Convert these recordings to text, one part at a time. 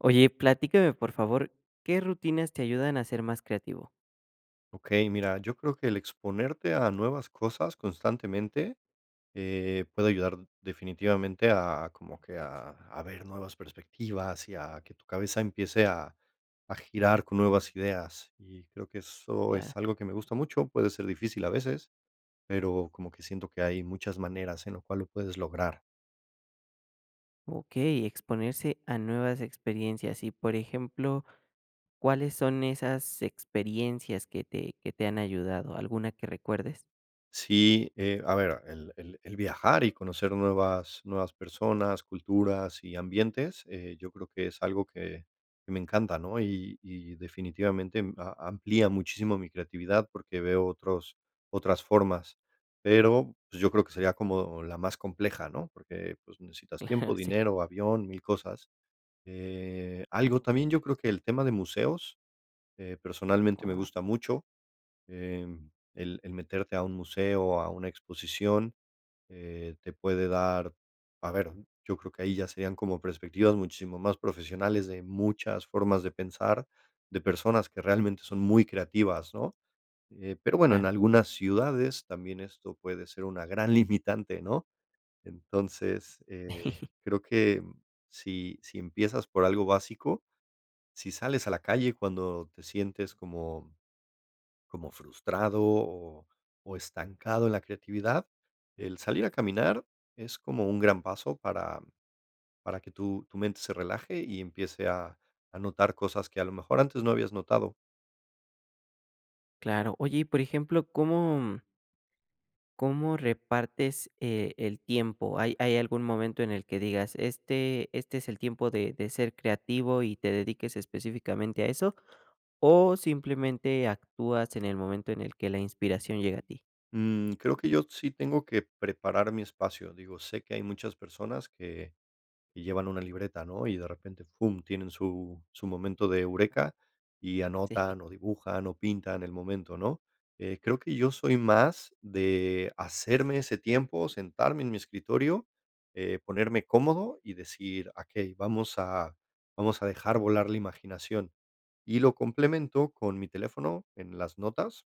Oye platícame por favor, ¿qué rutinas te ayudan a ser más creativo? Okey, mira, yo creo que el exponerte a nuevas cosas constantemente, eh, puede ayudar definitivamente a como que a a ver nuevas perspectivas y a que tu cabeza empiece a a girar con nuevas ideas y creo que eso Claro. es algo que me gusta mucho. Puede ser difícil a veces, pero como que siento que hay muchas maneras en lo cual lo puedes lograr. Okey, exponerse a nuevas experiencias y, por ejemplo, ¿cuáles son esas experiencias que te que te han ayudado? ¿Alguna que recuerdes? Sí, eh, a ver, el el el viajar y conocer nuevas nuevas personas, culturas y ambientes, eh, yo creo que es algo que que me encanta, ¿no?, y y definitivamente m a amplía muchísimo mi creatividad, porque veo otros otras formas, pero, pues, yo creo que sería como la más compleja, ¿no?, porque, pues, necesitas Claro, tiempo, sí. dinero, avión, mil cosas. Eh, algo también, yo creo que el tema de museos, eh, personalmente me Oh. gusta mucho. Eh, el el meterte a un museo, a una exposición, eh, te puede dar a ver, yo creo que ahí ya serían como perspectivas muchísimo más profesionales de muchas formas de pensar, de personas que realmente son muy creativas, ¿no?, eh, pero bueno, en Claro. algunas ciudades también esto puede ser una gran limitante ¿no?, entonces, eh, creo que si si empiezas por algo básico, si sales a la calle cuando te sientes como como frustrado o o estancado en la creatividad, el salir a caminar es como un gran paso para para que tu tu mente se relaje y empiece a a notar cosas que a lo mejor antes no habías notado. Claro, oye, y por ejemplo, ¿cómo cómo repartes, eh, el tiempo? ¿Hay hay algún momento en el que digas: "Este este es el tiempo de de ser creativo" y te dediques específicamente a eso? ¿O simplemente actúas en el momento en el que la inspiración llega a ti? Mm, creo que yo sí tengo que preparar mi espacio, digo, sé que hay muchas personas que que llevan una libreta, ¿no?, y de repente, pum, tienen su su momento de eureka y Sí. anotan o dibujan o pintan el momento, ¿no? Eh, creo que yo soy más de hacerme ese tiempo, sentarme en mi escritorio, eh, ponerme cómodo y decir: "Okey, vamos a vamos a dejar volar la imaginación". Y lo complemento con mi teléfono en las notas,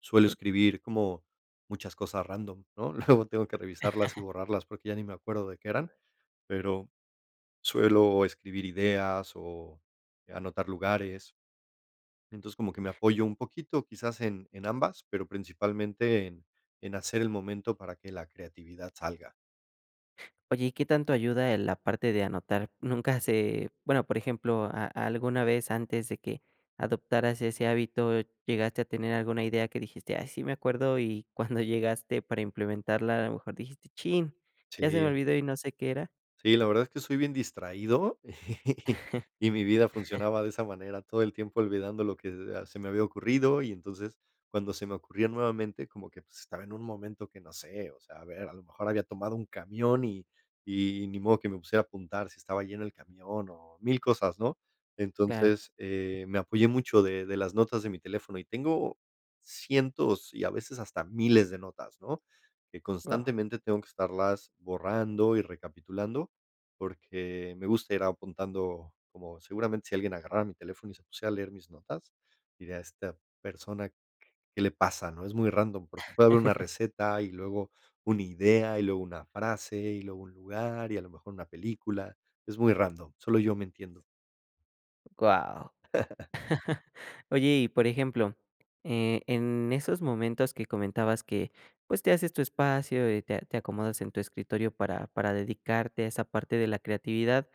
suelo Sí. escribir como muchas cosas random ¿no? Luego tengo que revisarlas y borrarlas, porque ya ni me acuerdo de qué eran, pero suelo escribir ideas o anotar lugares. Entonces, como que me apoyo un poquito, quizás en en ambas, pero, principalmente, en en hacer el momento para que la creatividad salga. Oye, ¿y qué tanto ayuda, eh, la parte de anotar? Nunca se, bueno, por ejemplo, ¿a a alguna vez antes de que adoptaras ese hábito llegaste a tener alguna idea que dijiste: "Ay, sí me acuerdo", y cuando llegaste para implementarla a lo mejor dijiste: "Chin, ya se me Sí. olvidó y no sé qué era"? Sí, la verdad es que soy bien distraído y mi vida funcionaba de esa manera, todo el tiempo olvidando lo que, ah, se me había ocurrido y entonces cuando se me ocurría nuevamente como que, pues, estaba en un momento que no sé. O sea, a ver, a lo mejor había tomado un camión y y ni modo que me pusiera a apuntar si estaba lleno el camión o mil cosas, ¿no? Claro. Entonces, eh, me apoyé mucho de de las notas de mi teléfono. Y tengo cientos y a veces hasta miles de notas, ¿no?, que Guau. constantemente tengo que estarlas borrando y recapitulando, porque, me gusta ir apuntando como seguramente si alguien agarrara mi teléfono y se pusiera a leer mis notas, diría: "¿A esta persona q qué le pasa?", ¿no?". Es muy random, porque puede haber una receta y luego una idea, y luego una frase y luego un lugar y a lo mejor una película. Es muy random, solo yo me entiendo. Guau. Oye, y, por ejemplo, eh, en esos momentos que comentabas que, pues, te haces tu espacio y te te acomodas en tu escritorio para para dedicarte a esa parte de la creatividad,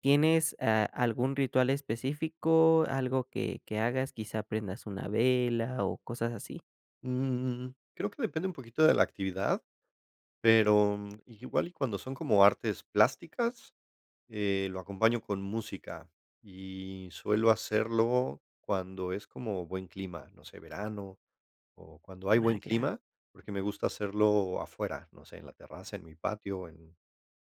¿tienes, ah, algún ritual específico, algo que que hagas? ¿Quizá prendas una vela o cosas así? Mm, creo que depende un poquito de la actividad, pero, mm, igual y cuando son como artes plásticas, eh, lo acompaño con música, y suelo hacerlo cuando es como buen clima, no sé verano, o cuando hay Ah, buen claro. clima, porque me gusta hacerlo afuera, no sé, en la terraza, en mi patio, en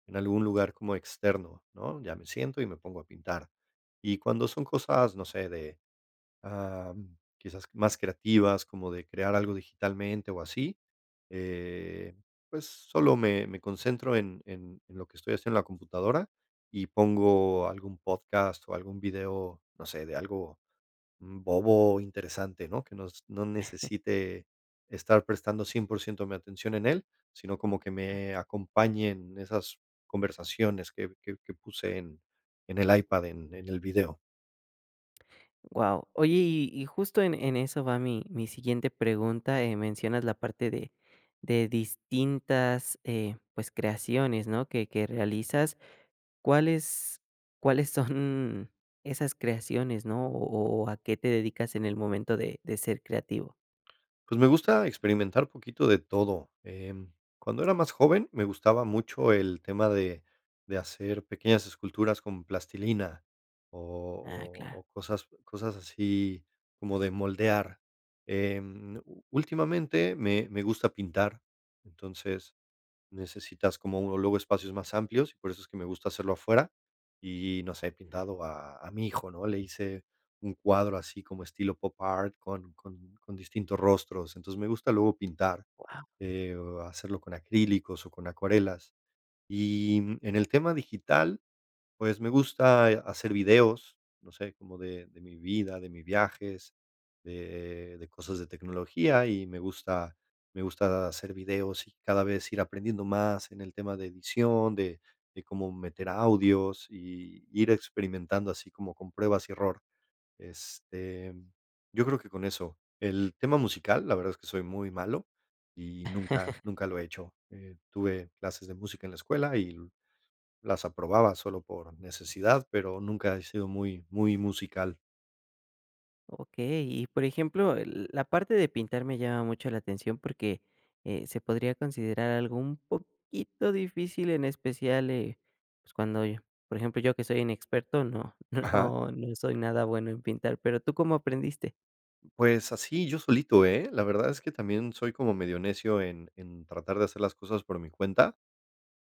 en algún lugar como externo, ¿no?, ya me siento y me pongo a pintar, y cuando son cosas, no sé, de, am, quizás más creativas, como de crear algo digitalmente o así, eh, pues, solo me me concentro en en lo que estoy haciendo en la computadora y pongo algún podcast o algún video, no sé, de algo, mm, bobo o interesante, ¿no?, que nos no necesite estar prestando 100% mi atención en él, sino como que me acompañen esas conversaciones que que que puse en en el iPad en en el video. Wao, oye y y justo en en eso va mi mi siguiente pregunta, eh, mencionas la parte de de distintas, eh, pues, creaciones, ¿no?, que que realizas, ¿cuáles cuáles son esas creaciones, ¿no?, o o o a qué te dedicas en el momento de de ser creativo? Pues, me gusta experimentar poquito de todo, em, cuando era más joven, me gustaba mucho el tema de de hacer pequeñas esculturas con plastilina, Ah, o o claro. o cosas o cosas así como de moldear, em, ú últimamente me me gusta pintar, entonces, necesitas como, uh, luego espacios más amplios, por eso es que me gusta hacerlo afuera, y y no sé, he pintado a a mi hijo, ¿no?, le hice un cuadro así como estilo pop art con con con distintos rostros, entonces, me gusta luego pintar, Guau. eh, hacerlo con acrílicos o con acuarelas, y, mm, en el tema digital, pues, me gusta hacer, eh, videos, no sé, como de de mi vida, de mi viajes, de de cosas de tecnología, y me gusta me gusta hacer videos y cada vez ir aprendiendo más en el tema de edición, de de cómo meter audios y ir experimentando así como con pruebas y error, este, yo creo que con eso, el tema musical, la verdad es que soy muy malo y nunca nunca lo he hecho, eh, tuve clases de música en la escuela y las aprobaba solo por necesidad, pero nunca he sido muy muy musical. Okey, y, por ejemplo, eh, l la parte de pintar me llama mucho la atención porque, eh, se podría considerar algo un poquito difícil, en especial, eh, pues cuando yo por ejemplo, yo que soy inexperto, no, Ajá. no, no soy nada bueno en pintar, pero ¿tú cómo aprendiste? Pues así, yo solito, ¿eh?, la verdad es que también soy como medio necio en en tratar de hacer las cosas por mi cuenta.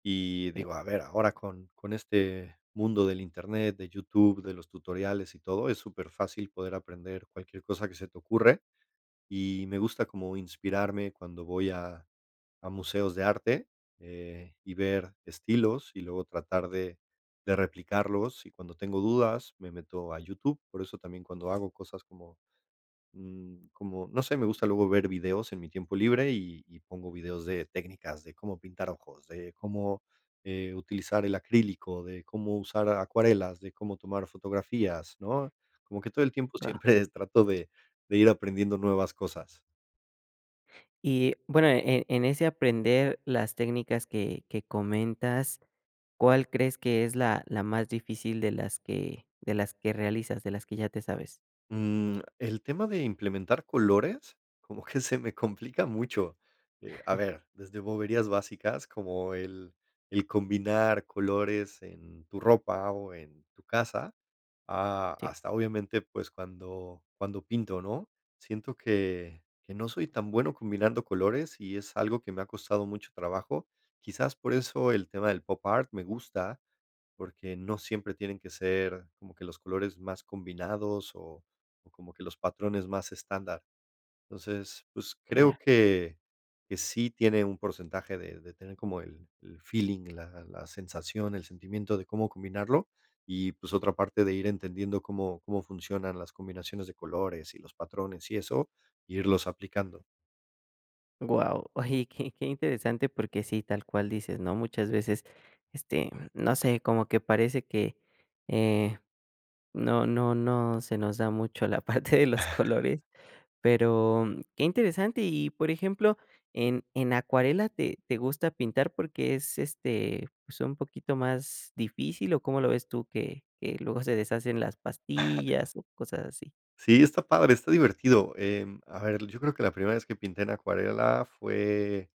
Y digo, [unintelligible] a ver, ahora con con este mundo del internet, de YouTube, de los tutoriales y todo, es superfácil poder aprender cualquier cosa que se te ocurre. Y me gusta como inspirarme cuando voy a a museos de arte, eh, y ver estilos, y luego tratar de de replicarlos, y cuando tengo dudas, me meto a YouTube. Por eso también, cuando hago cosas como mm, como, no sé, me gusta luego ver videos en mi tiempo libre, y y pongo videos de técnicas, de cómo pintar ojos, de cómo, eh, utilizar el acrílico, de cómo usar acuarelas, de cómo tomar fotografías, ¿no? Como que todo el tiempo Va. siempre es trato de de ir aprendiendo nuevas cosas. Y bueno en en ese aprender las técnicas que que comentas, ¿cuál crees que es la la más difícil de las que de las que realizas, de las que ya te sabes? Mm, el tema de implementar colores, como que se me complica mucho, eh, a ver, desde boberías básicas, como el el combinar colores en tu ropa o en tu casa, a Sí. hasta obviamente, pues cuando cuando pinto, ¿no? siento que que no soy tan bueno combinando colores y es algo que me ha costado mucho trabajo, quizás por eso el tema del popart me gusta, porque no siempre tienen que ser como que los colores más combinados o o como que los patrones más estándar. Entonces, pues Claro. creo que que sí tiene un porcentaje de de tener como el el feeling, la la sensación, el sentimiento de cómo combinarlo, y, pues, otra parte de ir entendiendo cómo cómo funcionan las combinaciones de colores y los patrones y eso, irlos aplicando. Wao, oye, y qué qué interesante porque sí, tal cual dices, ¿no?, muchas veces, este, no sé, como que parece que, eh, no no no se nos da mucho la parte de los colores, pero, mm, qué interesante y, por ejemplo, ¿en en acuarela te te gusta pintar porque es, este, pues, un poquito más difícil o cómo lo ves tú que que luego se deshacen las pastillas o cosas así? Sí, está padre, está divertido, em, a ver, yo creo que la primera vez que pinté en acuarela fue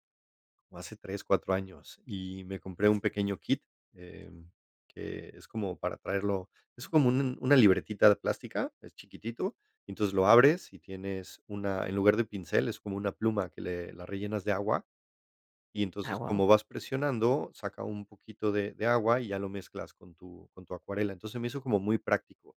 o hace 3, 4 años, y me compré un pequeño kit, em, que es como para traerlo, es como un un una libretita plástica, es chiquitito, entonces lo abres y tienes una, en lugar de pincel, es como una pluma que le la rellenas de agua, y Ah, entonces wao. como vas presionando, saca un poquito de de agua y ya lo mezclas con tu con tu acuarela, entonces, se me hizo como muy práctico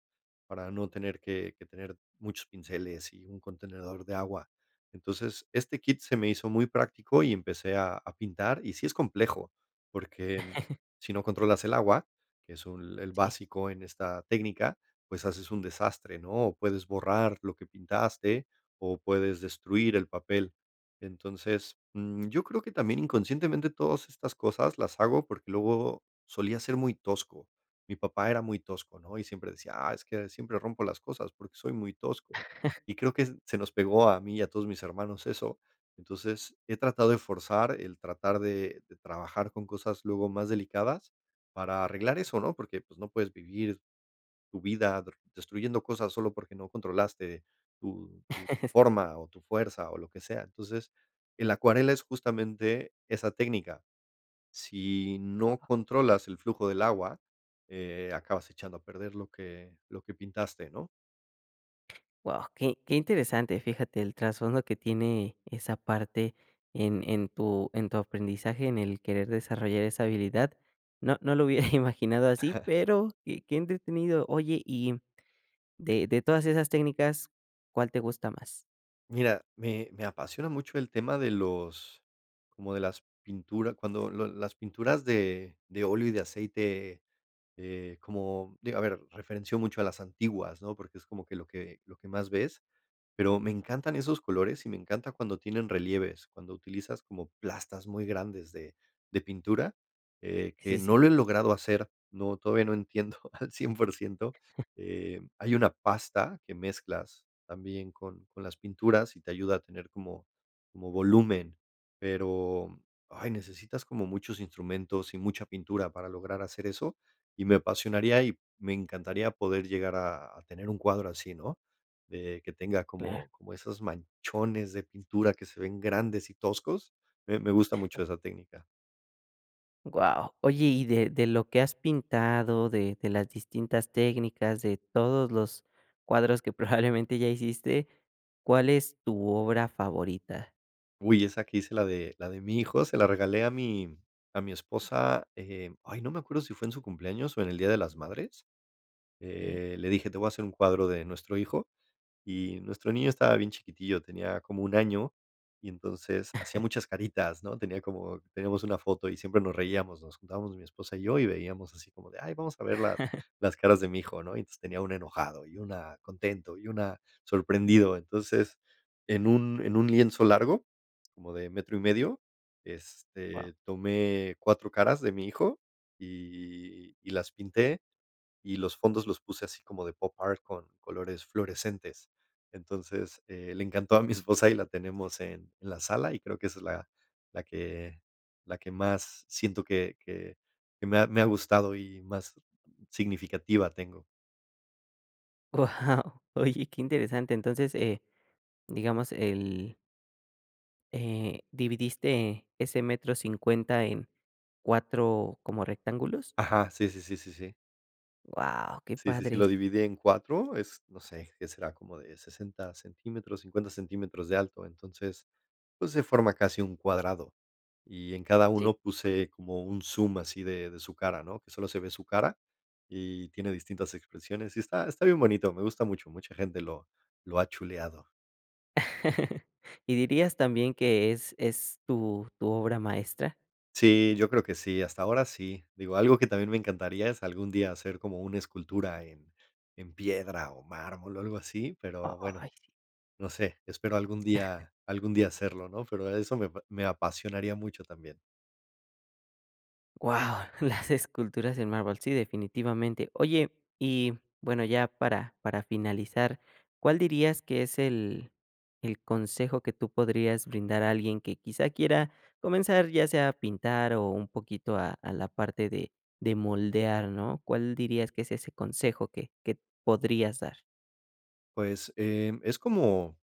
para no tener que que tener muchos pinceles y un contenedor de agua, entonces, este kit se me hizo muy práctico y empecé a a pintar, y sí es complejo, porque, em, si no controlas el agua, que es un el Sí. básico en esta técnica, pues haces un desastre ¿no?, puedes borrar lo que pintaste o puedes destruir el papel, entonces, mm, yo creo que también inconscientemente todas estas cosas las hago porque luego solía ser muy tosco, mi papá era muy tosco, ¿no?, y siempre decía: "Ah, es que siempre rompo las cosas porque soy muy tosco", y creo que se nos pegó a mí y a todos mis hermanos eso. Entonces, he tratado de forzar el tratar de de trabajar con cosas luego más delicadas para arreglar eso, ¿no?, porque, pues, no puedes vivir tu vida der destruyendo cosas solo porque no controlaste tu tu forma o tu fuerza o lo que sea, entonces, en la acuarela es justamente esa técnica, si no Wao. controlas el flujo del agua, eh, acabas echando a perder lo que lo que pintaste, ¿no? Wao, qué qué interesante, fíjate, el trasfondo que tiene esa parte en en tu en tu aprendizaje, en el querer desarrollar esa habilidad, no no lo hubiera imaginado así, pero qué qué entretenido, oye y, mm, de de todas esas técnicas, ¿cuál te gusta más? Mira, me me apasiona mucho el tema de los como de las pinturas, cuando lo las pinturas de de óleo y de aceite, eh, como digo a ver, referenció mucho a las antiguas, ¿no? Porque es como que lo que lo que más ves. Pero me encantan esos colores y me encanta cuando tienen relieves, cuando utilizas como plastas muy grandes de de pintura, eh, que Sí, sí. no lo he logrado hacer, no, todavía no entiendo, al 100% Eh, hay una pasta que mezclas también con con las pinturas y te ayuda a tener como como volumen. Pero, ay necesitas como muchos instrumentos y mucha pintura para lograr hacer eso, y me apasionaría, y me encantaría poder llegar a a tener un cuadro así, ¿no? De que tenga Claro. como como esos manchones de pintura que se ven grandes y toscos. Me me gusta mucho esa técnica. Wao. Oye y de de lo que has pintado, de de las distintas técnicas, de todos los cuadros que probablemente ya hiciste, ¿cuál es tu obra favorita? Uy, esa que hice la de la de mi hijo, se la regalé a mi a mi esposa. Eh, ay, no me acuerdo si fue en su cumpleaños o en el día de las madres. Eh. Eh, le dije, te voy a hacer un cuadro de nuestro hijo y nuestro niño estaba bien chiquitillo, tenía como 1, año y entonces hacía muchas caritas, ¿no? Tenía como tenemos una foto y siempre nos reíamos, nos juntábamos mi esposa y yo, y veíamos así como de, ay vamos a ver las las caras de mi hijo, ¿no? Y entonces tenía una enojado, y una contento y una sorprendido. Entonces, en un en un lienzo largo, como de metro y medio, Wao. este, tomé 4, caras de mi hijo y y las pinté, y los fondos los puse así como de pop art con colores fluorescentes. Entonces, eh le encantó a mi esposa y la tenemos en la sala y creo que esa es la que la que más siento que que que me ha me ha gustado y más significativa tengo. Wao, oye qué interesante, entonces eh digamos el eh, ¿dividiste ese metro 50 en 4 como rectángulos? Ajá, sí sí sí sí sí. Wao, qué Sí sí sí, lo padre. dividí en 4, es, no sé, que será como de 60 centímetros, 50 centímetros de alto. Entonces, pues se forma casi un cuadrado, y en cada Sí. uno puse como un zoom así de- de su cara, ¿no? Que solo se ve su cara y tiene distintas expresiones. Y está- está bien bonito, me gusta mucho, mucha gente lo lo ha chuleado. ¿Y dirías también que es- es tu- tu obra maestra? Sí, yo creo que sí, hasta ahora sí. Digo, algo que también me encantaría es algún día hacer como una escultura en- en piedra o mármol o algo así, pero, bueno, Ay. no sé, espero algún día algún día hacerlo, ¿no? Pero eso me- me apasionaría mucho también. Wao, las esculturas en mármol. Sí, definitivamente. Oye, y bueno, ya para- para finalizar, ¿cuál dirías que es el- el consejo que tú podrías brindar a alguien que quizá quiera comenzar, ya sea a pintar o un poquito a- a la parte de- de moldear, no? ¿Cuál dirías que es ese consejo que que podrías dar? Pues eh, es como-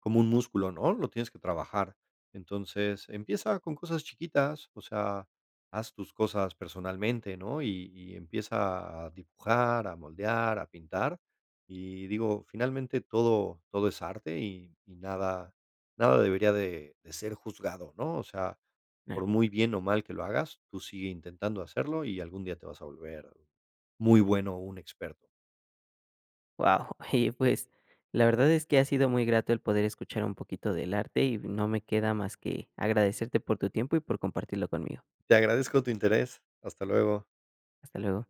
como un músculo, ¿no? Lo tienes que trabajar. Entonces, empieza con cosas chiquitas, o sea, haz tus cosas personalmente, ¿no? Y- y empieza a dibujar, a moldear, a pintar. Y digo, finalmente, todo, todo es arte y- y nada- nada debería de- de ser juzgado, ¿no? O sea, por muy bien o mal que lo hagas, tú sigue intentando hacerlo y algún día te vas a volver muy bueno o un experto. Wao, y pues la verdad es que ha sido muy grato el poder escuchar un poquito del arte y no me queda más que agradecerte por tu tiempo y por compartirlo conmigo. Te agradezco tu interés. Hasta luego. Hasta luego.